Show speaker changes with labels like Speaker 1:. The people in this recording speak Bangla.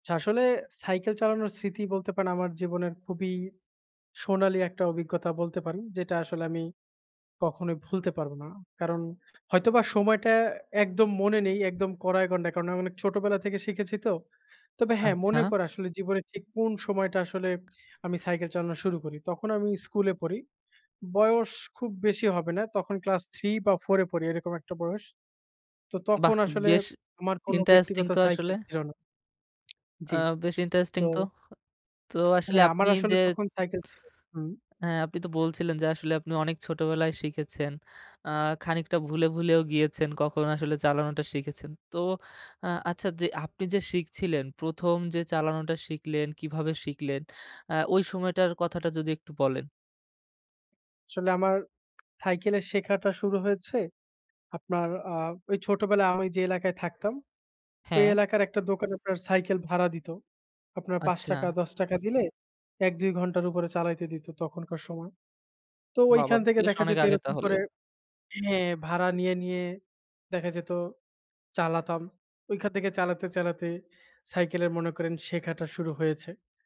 Speaker 1: আচ্ছা, আসলে সাইকেল চালানোর স্মৃতি বলতে পারেন আমার জীবনের খুবই সোনালি একটা অভিজ্ঞতা বলতে পারি, যেটা আসলে আমি কখনোই ভুলতে পারবো না। কারণ হয়তোবা সময়টা একদম মনে নেই একদম কড়ায় গণ্ডায় কারণ আমি অনেক ছোটোবেলা থেকে শিখেছি তো। তবে হ্যা মনে
Speaker 2: আচ্ছা।
Speaker 1: পড়ে আসলে জীবনে ঠিক কোন সময়টা আসলে আমি সাইকেল চালানো শুরু করি। তখন আমি স্কুলে পড়ি বয়স খুব বেশি হবে না তখন ক্লাস ৩ বা ৪ এ পড়ি এরকম একটা বয়স। তো তখন
Speaker 2: বাহ!
Speaker 1: আসলে
Speaker 2: বেশ
Speaker 1: আমার কোনো
Speaker 2: ইন্টারেস্টিং
Speaker 1: ব্যক্তিগত
Speaker 2: তো আসলে।
Speaker 1: সাইকেল ছিল না।
Speaker 2: আ
Speaker 1: জি,
Speaker 2: বেশ ইন্টারেস্টিং
Speaker 1: তো।
Speaker 2: তো। তো আসলে
Speaker 1: হ্যা, আমার
Speaker 2: আপনি
Speaker 1: আসলে
Speaker 2: যে
Speaker 1: তখন সাইকেল ছিল হুম।
Speaker 2: হ্যা, আপনি তো বলছিলেন যে আসলে আপনি অনেক ছোটবেলায় শিখেছেন। আ খানিকটা ভুলে, ভুলেও, গিয়েছেন কখনো আসলে চালানোটা শিখেছেন। তো আ আচ্ছা যে, আপনি যে শিখছিলেন ১ম যে চালানোটা শিখলেন কিভাবে শিখলেন? আ ওই সময়টার কথাটা যদি একটু বলেন।
Speaker 1: আসলে আমার সাইকেলের শেখাটা শুরু হয়েছে। আপনার আ ওই ছোটবেলায় আমি যে এলাকায় থাকতাম। ওই
Speaker 2: হ্যা।
Speaker 1: এলাকার একটা দোকানে আপনার সাইকেল ভাড়া দিত। আপনার পাচ
Speaker 2: আচ্ছা।
Speaker 1: টাকা ৳১০ দিলে ১-২ ঘন্টার উপরে চালাইতে দিত তখনকার সময়। তো
Speaker 2: বা, বা,
Speaker 1: ওইখান থেকে
Speaker 2: বেশ
Speaker 1: দেখা
Speaker 2: অনেক
Speaker 1: যেত
Speaker 2: আগে
Speaker 1: এরকম
Speaker 2: তাহলে?
Speaker 1: করে, হ্যা ভাড়া নিয়ে, নিয়ে, দেখা যেত চালাতাম, ঐখান থেকে চালাতে, চালাতে, সাইকেলের মনে করেন শেখাটা শুরু হয়েছে।